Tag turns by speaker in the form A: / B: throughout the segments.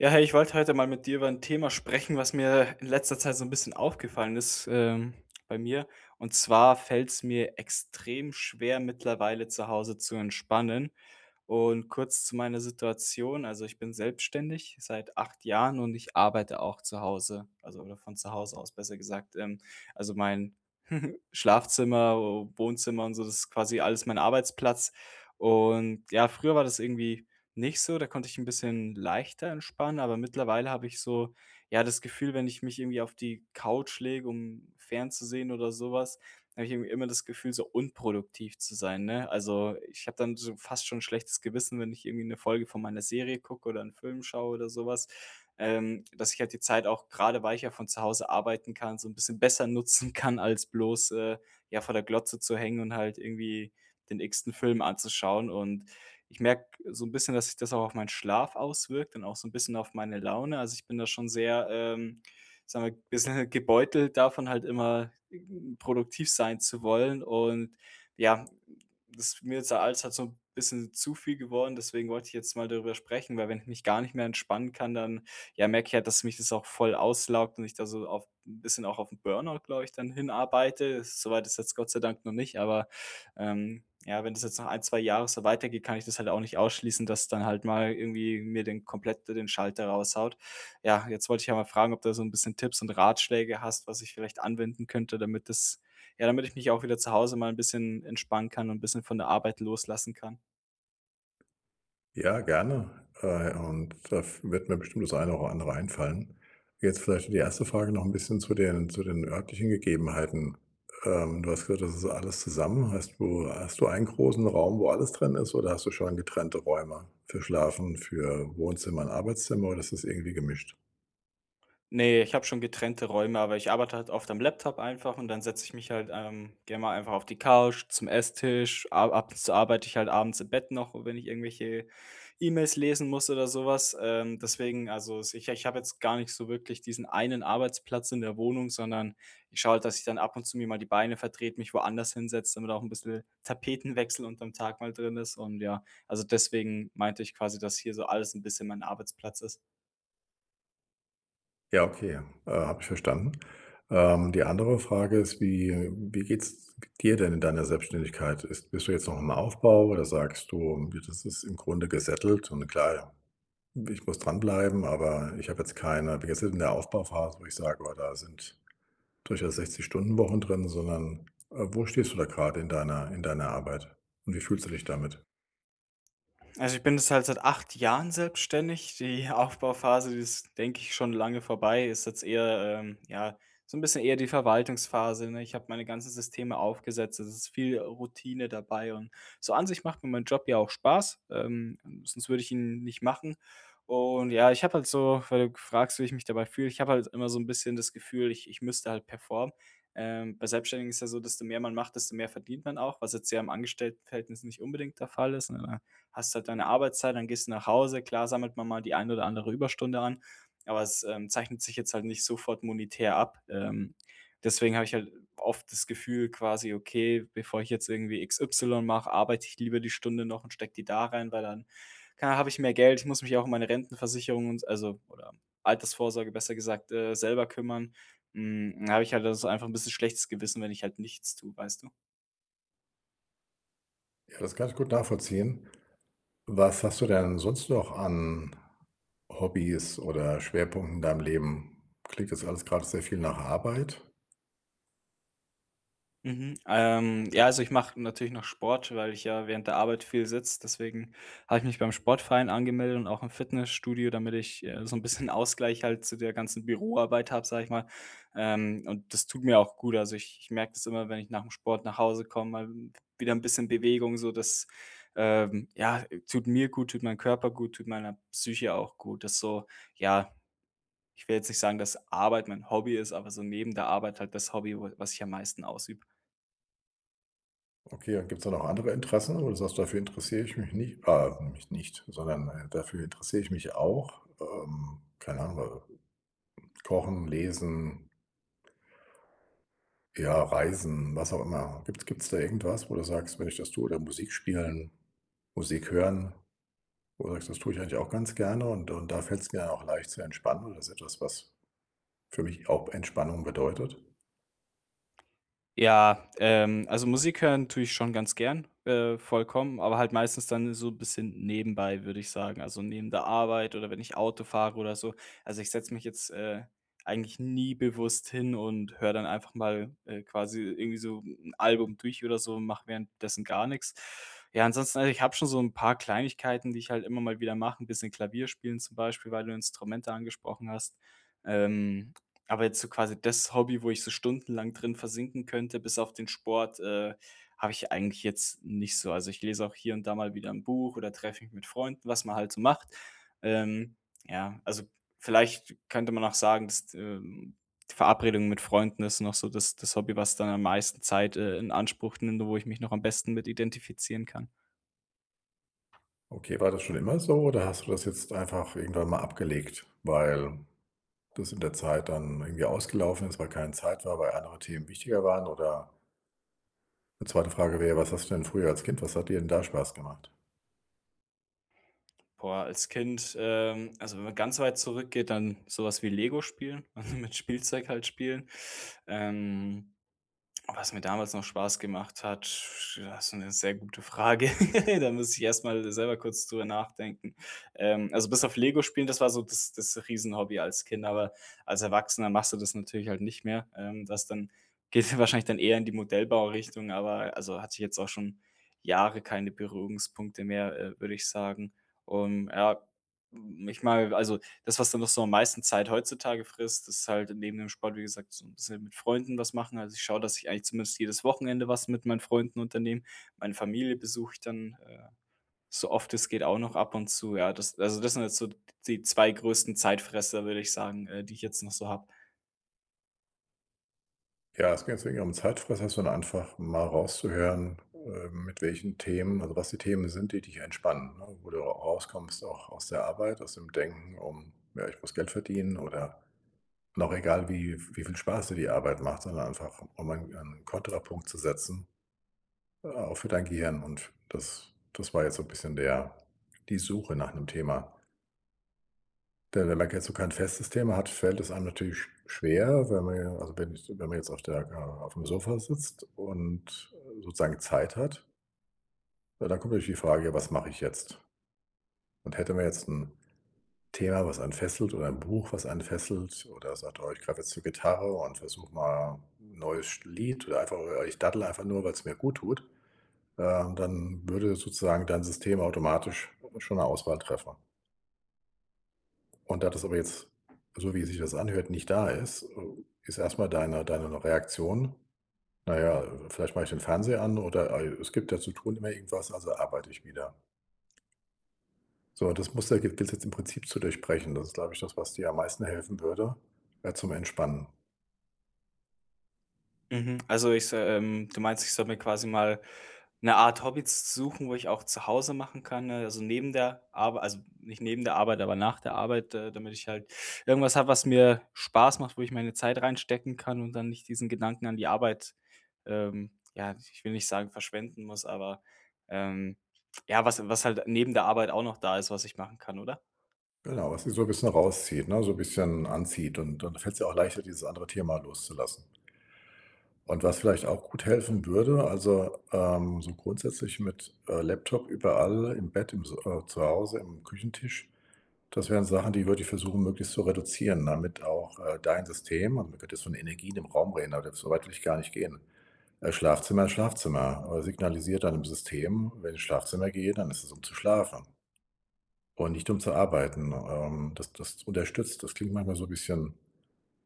A: Ja, hey, ich wollte heute mal mit dir über 'n Thema sprechen, was mir in letzter Zeit so 'n bisschen aufgefallen ist, ähm, bei mir. Und zwar fällt's mir extrem schwer, mittlerweile zu Hause zu entspannen. Und kurz zu meiner Situation: Also, ich bin selbstständig seit 8 Jahren und ich arbeite auch zu Hause, also oder von zu Hause aus, besser gesagt. Ähm, also mein Schlafzimmer, Wohnzimmer und so, das ist quasi alles mein Arbeitsplatz. Und ja, früher war das irgendwie nicht so, da konnte ich 'n bisschen leichter entspannen, aber mittlerweile habe ich so, ja, das Gefühl, wenn ich mich irgendwie auf die Couch lege, um fernzusehen oder so was, da habe ich irgendwie immer das Gefühl, so unproduktiv zu sein, ne? Also, ich habe dann so fast schon 'n schlechtes Gewissen, wenn ich irgendwie 'ne Folge von meiner Serie gucke oder 'n Film schaue oder so was, ähm, dass ich halt die Zeit auch, grade weil ich ja von zu Hause arbeiten kann, so 'n bisschen besser nutzen kann, als bloß, äh, ja, vor der Glotze zu hängen und halt irgendwie den x-ten Film anzuschauen und ich merke so 'n bisschen, dass sich das auch auf meinen Schlaf auswirkt und auch so 'n bisschen auf meine Laune. Also ich bin da schon sehr, ähm, sagen wir, bissel gebeutelt davon, halt immer produktiv sein zu wollen. Und, ja, das mir ist der Alltag so 'n bisschen zu viel geworden. Deswegen wollte ich jetzt mal darüber sprechen, weil, wenn ich mich gar nicht mehr entspannen kann, dann, ja, merke ich halt, dass mich das auch voll auslaugt und ich da so auf 'n bisschen auch auf 'n Burnout, glaube ich, dann hinarbeite. So weit ist jetzt Gott sei Dank noch nicht, aber, ähm, ja, wenn das jetzt noch 1, 2 Jahre so weitergeht, kann ich das halt auch nicht ausschließen, dass dann halt mal irgendwie mir den komplett den Schalter raushaut. Ja, jetzt wollte ich ja mal fragen, ob du so 'n bisschen Tipps und Ratschläge hast, was ich vielleicht anwenden könnte, damit das ja, damit ich mich auch wieder zu Hause mal 'n bisschen entspannen kann und bisschen von der Arbeit loslassen kann.
B: Ja, gerne. Äh, und a f wird mir bestimmt das eine oder andere einfallen. Jetzt vielleicht die 1. Frage noch 'n bisschen zu den zu den örtlichen Gegebenheiten. Ähm, du hast gesagt: „Das ist alles zusammen.“ Hast du hast du 1 großen Raum, wo alles drin ist? Oder hast du schon getrennte Räume für Schlafen, für Wohnzimmer und Arbeitszimmer oder ist das irgendwie gemischt?
A: Ne, ich habe schon getrennte Räume, aber ich arbeite halt oft am Laptop einfach und dann setze ich mich halt, ähm, gerne mal einfach auf die Couch, zum Esstisch. A ab und zu arbeite ich halt abends im Bett noch, wenn ich irgendwelche E-Mails lesen muss oder so was. Ähm, deswegen, also, sicher, ich habe jetzt gar nicht so wirklich diesen einen Arbeitsplatz in der Wohnung, sondern ich schaue halt, dass ich dann ab und zu mir mal die Beine vertrete, mich woanders hinsetze, damit auch 'n bissel Tapetenwechsel unterm Tag mal drin ist. Und ja, also deswegen meinte ich quasi, dass hier so alles 'n bisschen mein Arbeitsplatz ist.
B: Ja, okay, äh, habe ich verstanden. Ähm, die andere Frage ist, wie wie geht's g dir denn in deiner Selbstständigkeit? Ist bist du jetzt noch im Aufbau oder sagst du: „D das ist im Grunde gesettelt und klar, ich muss dranbleiben, aber ich habe jetzt keine“ wie gesagt, in der Aufbauphase, wo ich sage: „Oh, da sind durchaus 60-Stunden-Wochen drin“, sondern, äh, wo stehst du da grade in deiner in deiner Arbeit und wie fühlst du dich damit?
A: Also, ich bin jetzt halt seit 8 Jahren selbstständig. Die Aufbauphase, die ist, denke ich, schon lange vorbei. Ist jetzt eher, ähm, ja, so 'n bisschen eher die Verwaltungsphase, ne? Ich habe meine ganzen Systeme aufgesetzt, es ist viel Routine dabei und so an sich macht mir mein Job ja auch Spaß, ähm, sonst würde ich ihn nicht machen. Und ja, ich habe halt so, weil du fragst, wie ich mich dabei fühle, ich habe halt immer so 'n bisschen das Gefühl, ich ich müsste halt performen. Ähm, bei Selbstständigen ist ja so, desto mehr man macht, desto mehr verdient man auch, was jetzt ja im Angestelltenverhältnis nicht unbedingt der Fall ist, ne? Da hast du halt deine Arbeitszeit, dann gehst du nach Hause. Klar sammelt man mal die ein oder andere Überstunde an, aber es, ähm, zeichnet sich jetzt halt nicht sofort monetär ab. Ähm, deswegen habe ich halt oft das Gefühl: „Quasi okay, bevor ich jetzt irgendwie XY mache, arbeite ich lieber die Stunde noch und stecke die da rein“, weil dann, keine ah habe ich mehr Geld, ich muss mich auch um meine Rentenversicherung und also, oder Altersvorsorge besser gesagt, äh, selber kümmern. Hm, da habe ich halt also einfach 'n bisschen schlechtes Gewissen, wenn ich halt nichts tue, weißt du?
B: Ja, das kann ich gut nachvollziehen. Was hast du denn sonst noch an Hobbys oder Schwerpunkten in deinem Leben? Klingt jetzt alles grade sehr viel nach Arbeit?
A: Mhm. Ähm, ja, also ich mache natürlich noch Sport, weil ich ja während der Arbeit viel sitze. Deswegen habe ich mich beim Sportverein angemeldet und auch im Fitnessstudio, damit ich, äh, so 'n bisschen Ausgleich halt zu der ganzen Büroarbeit habe, sage ich mal. Ähm, und das tut mir auch gut. Also ich ich merke das immer, wenn ich nach'm Sport nach Hause komme, mal wieder 'n bisschen Bewegung, so das, ähm, ja, tut mir gut, tut meinem Körper gut, tut meiner Psyche auch gut. Das so ja, ich will jetzt nicht sagen, dass Arbeit mein Hobby ist, aber so neben der Arbeit halt das Hobby, wo was ich am meisten ausübe.
B: Okay, und gibt's da noch andere Interessen oder sagst du: „Dafür interessiere ich mich nicht ah, mich nicht, sondern, äh, dafür interessiere ich mich auch.“ Ähm, keine Ahnung, äh, Kochen, Lesen ja, Reisen, was auch immer. Gibt's gibt's da irgendwas, wo du sagst: „Wenn ich das tue“ oder Musik spielen, Musik hören, wo du sagst: „Das tue ich eigentlich auch ganz gerne und und da fällt's mir auch leicht zu entspannen oder ist etwas, was für mich auch Entspannung bedeutet?“
A: Ja, ähm, also Musik hören tue ich schon ganz gern, äh, vollkommen, aber halt meistens dann so bisschen nebenbei, würde ich sagen. Also neben der Arbeit oder wenn ich Auto fahre oder so. Also ich setze mich jetzt, äh, eigentlich nie bewusst hin und höre dann einfach mal, äh, quasi irgendwie so 'n Album durch oder so und mache währenddessen gar nix. Ja, ansonsten, also ich habe schon so 'n paar Kleinigkeiten, die ich halt immer mal wieder mache. 'n bisschen Klavierspielen zum Beispiel, weil du Instrumente angesprochen hast. Ähm, aber jetzt so quasi das Hobby, wo ich so stundenlang drin versinken könnte, bis auf den Sport, äh, habe ich eigentlich jetzt nicht so. Also, ich lese auch hier und da mal wieder 'n Buch oder treffe mich mit Freunden, was man halt so macht. Ähm, ja, also vielleicht könnte man auch sagen, dass, ähm, Verabredungen mit Freunden ist noch so das das Hobby, was dann am meisten Zeit, äh, in Anspruch nimmt, wo ich mich noch am besten mit identifizieren kann.
B: Okay, war das schon immer so oder hast du das jetzt einfach irgendwann mal abgelegt, weil das in der Zeit dann irgendwie ausgelaufen ist, weil keine Zeit war, weil andere Themen wichtiger waren, oder? Die 2. Frage wäre, was hast du denn früher als Kind was hat dir 'n da Spaß gemacht?
A: Boah, als Kind, ähm also, wenn man ganz weit zurückgeht, dann so was wie Lego spielen, mit Spielzeug halt spielen. Ähm, was mir damals noch Spaß gemacht hat, das 'ne sehr gute Frage. Da muss ich erst mal selber kurz drüber nachdenken. Ähm, also bis auf Lego spielen, das war so das das riesen Hobby als Kind, aber als Erwachsener machst du das natürlich halt nicht mehr. Ähm, das dann geht ja wahrscheinlich dann eher in die Modellbaurichtung, aber also, hatte ich jetzt auch schon Jahre keine Berührungspunkte mehr, äh, würde ich sagen. Und ja, hm, ich meine also, das, was dann noch so am meisten Zeit heutzutage frisst, ist halt neben dem Sport, wie gesagt, so 'n bisschen mit Freunden was machen. Also, ich schaue, dass ich eigentlich zumindest jedes Wochenende was mit meinen Freunden unternehme. Meine Familie besuche ich dann, äh, so oft es geht auch noch ab und zu. Ja, das also, das sind jetzt so d die 2 größten Zeitfresser, würde ich sagen, äh, die ich jetzt noch so habe.
B: Ja, es ging jetzt nicht um Zeitfresser, sondern einfach mal rauszuhören, ähm, mit welchen Themen also, was die Themen sind, die dich entspannen, ne? Wo du ra rauskommst auch aus der Arbeit, aus dem Denken um, ja: „Ich muss Geld verdienen“, oder und auch egal, wie v wie viel Spaß dir die Arbeit macht, sondern einfach, um ein einen Kontrapunkt zu setzen, äh, auch für dein Gehirn. Und das das war jetzt so bisschen der die Suche nach 'nem Thema. Denn wenn man kein zu kein festes Thema hat, fällt es einem natürlich sch schwer, weil man ja also, wenn jetzt wenn man jetzt auf der keine Ahnung, auf'm Sofa sitzt und, äh, sozusagen Zeit hat ja, dann kommt natürlich die Frage: „Was mache ich jetzt?“ Und hätte man jetzt 'n Thema, was einen fesselt oder ein Buch, was einen fesselt oder sagt: „Oh, ich greife jetzt zur Gitarre und versuche mal neues Sch Lied oder einfach, äh ich daddel einfach nur, weil's mir guttut“, ähm, dann würde sozusagen dein System automatisch schon 'ne Auswahl treffen. Und da das aber jetzt, so wie sich das anhört, nicht da ist, äh, ist erst mal deine deine Reaktion: „Na ja, äh, vielleicht mache ich den Fernseher an oder, äh, es gibt ja zu tun immer irgendwas, also arbeite ich wieder.“ So, und das Muster gil gilt's jetzt im Prinzip zu durchbrechen. Das ist, glaube ich, das, was dir am meisten helfen würde, äh, zum Entspannen.
A: Mhm. Also, ich s ähm, du meinst, ich soll mir quasi mal 'ne Art Hobby s suchen, wo ich auch zu Hause machen kann, äh, also, neben der Arbei also, nicht neben der Arbeit, aber nach der Arbeit, äh, damit ich halt irgendwas habe, was mir Spaß macht, wo ich meine Zeit reinstecken kann und dann nicht diesen Gedanken an die Arbeit, ähm, ja, ich will nicht sagen, verschwenden muss, aber, ähm, ja, was was halt neben der Arbeit auch noch da ist, was ich machen kann, oder?
B: Genau, was die so bisschen rauszieht, ne, so bisschen anzieht und dann fällt's dir auch leichter, dieses andere Thema loszulassen. Und was vielleicht auch gut helfen würde, also, ähm, so grundsätzlich mit, äh, Laptop überall im Bett, im s äh, zu Hause am Küchentisch. Das wären Sachen, die würde ich versuchen möglichst zu reduzieren, damit auch, äh, dein System und man könnte jetzt von Energien im Raum reden, aber da so weit will ich gar nicht gehen. Äh, Schlafzimmer ist Schlafzimmer. Äh, signalisiert deinem System: „Wenn ich ins Schlafzimmer gehe, dann ist es, um zu schlafen“ „und nicht um zu arbeiten.“ Ähm, das das unterstützt das klingt manchmal so bisschen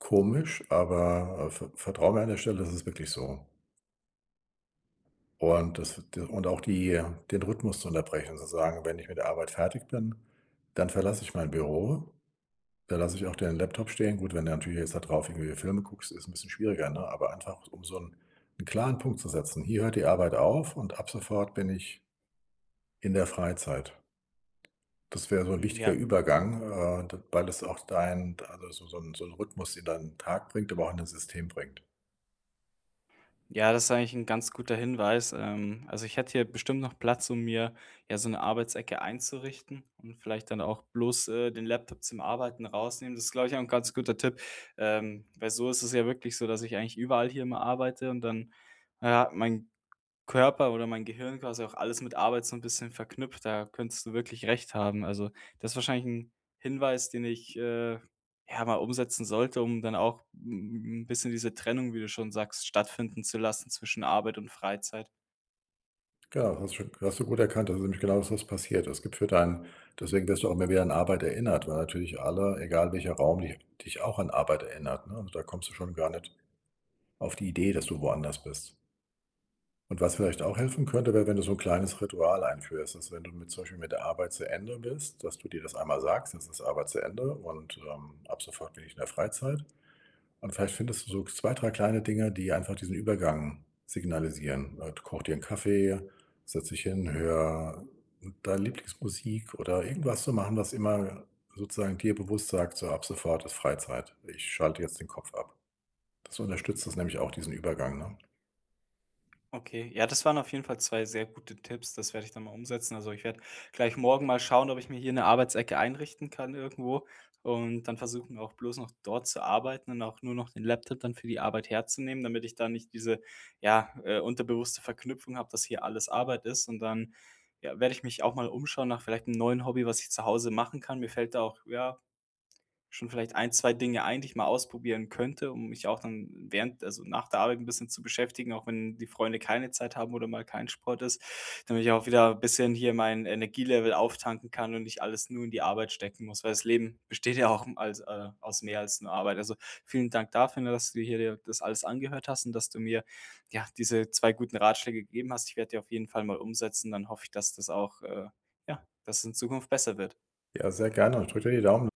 B: komisch, aber, äh, ver vertrau mir an der Stelle, das ist wirklich so. Und das d und auch die den Rhythmus zu unterbrechen, zu sagen: „Wenn ich mit der Arbeit fertig bin, dann verlasse ich mein Büro. Da lasse ich auch den Laptop stehen.“ Gut, wenn du natürlich jetzt da drauf irgendwie Filme guckst, ist 'n bisschen schwieriger, ne, aber einfach, um so 'n 'n klaren Punkt zu setzen: „Hier hört die Arbeit auf und ab sofort bin ich“ „in der Freizeit.“ Das wäre so 'n
A: Hm,
B: wichtiger
A: ja.
B: Übergang, äh, d weil es auch deinen also, so so 'n so 'n Rhythmus in deinen Tag bringt, aber auch in dein System bringt.
A: Ja, das eigentlich 'n ganz guter Hinweis. Ähm, also ich hätte hier bestimmt noch Platz, um mir, ja, so 'ne Arbeitsecke einzurichten und vielleicht dann auch bloß, äh, den Laptop zum Arbeiten rausnehmen. Das, glaube ich, auch 'n ganz guter Tipp, ähm, weil so ist es ja wirklich so, dass ich eigentlich überall hier immer arbeite und dann, ja, mein Körper oder mein Gehirn quasi auch alles mit Arbeit so 'n bisschen verknüpft. Da könntest du wirklich recht haben. Also das wahrscheinlich 'n Hinweis, den ich, äh, ja mal umsetzen sollte, um dann auch 'n 'n bisschen diese Trennung, wie du schon sagst, stattfinden zu lassen zwischen Arbeit und Freizeit.
B: Klar, hast du schon hast du gut erkannt, das ist nämlich genau das, was passiert. Es gibt für dein deswegen wirst du auch immer wieder an Arbeit erinnert, weil natürlich alle, egal welcher Raum, di dich auch an Arbeit erinnert, ne, und da kommst du schon gar nicht auf die Idee, dass du woanders bist. Und was vielleicht auch helfen könnte, wäre, wenn du so 'n kleines Ritual einführst, dass, wenn du mit zum Beispiel mit der Arbeit zu Ende bist, dass du dir das einmal sagst: „Jetzt ist Arbeit zu Ende und, ähm, ab sofort bin ich in der Freizeit.“ Und vielleicht findest du so 2, 3 kleine Dinge, die einfach diesen Übergang signalisieren: „Äh, koche dir 'n Kaffee, setze dich hin, höre deine Lieblingsmusik“ oder irgendwas zu machen, was immer sozusagen dir bewusst sagt: „So, ab sofort ist Freizeit. Ich schalte jetzt den Kopf ab.“ Das unterstützt das nämlich auch, diesen Übergang, ne?
A: Okay, ja, das waren auf jeden Fall 2 sehr gute Tipps. Das werde ich dann mal umsetzen, also, ich werde gleich morgen mal schauen, ob ich mir hier 'ne Arbeitsecke einrichten kann irgendwo, und dann versuchen, auch bloß noch dort zu arbeiten und auch nur noch den Laptop dann für die Arbeit herzunehmen, damit ich da nicht diese, ja, äh, unterbewusste Verknüpfung habe, dass hier alles Arbeit ist. Und dann, ja, werde ich mich auch mal umschauen nach vielleicht 'nem neuen Hobby, was ich zu Hause machen kann. Mir fällt da auch, ja, schon vielleicht 1, 2 Dinge ein, die ich mal ausprobieren könnte, um mich auch dann während also nach der Arbeit 'n bisschen zu beschäftigen, auch wenn die Freunde keine Zeit haben oder mal kein Sport ist, damit ich auch wieder bisschen hier mein Energielevel auftanken kann und nicht alles nur in die Arbeit stecken muss, weil das Leben besteht ja auch als äh, aus mehr als nur Arbeit. Also vielen Dank dafür, ne, dass du dir hier das alles angehört hast und dass du mir, ja, diese 2 guten Ratschläge gegeben hast. Ich werde die auf jeden Fall mal umsetzen. Dann hoffe ich, dass das auch äh, ja, dass es in Zukunft besser wird.
B: Ja, sehr gerne. Ich drücke dir die Daumen.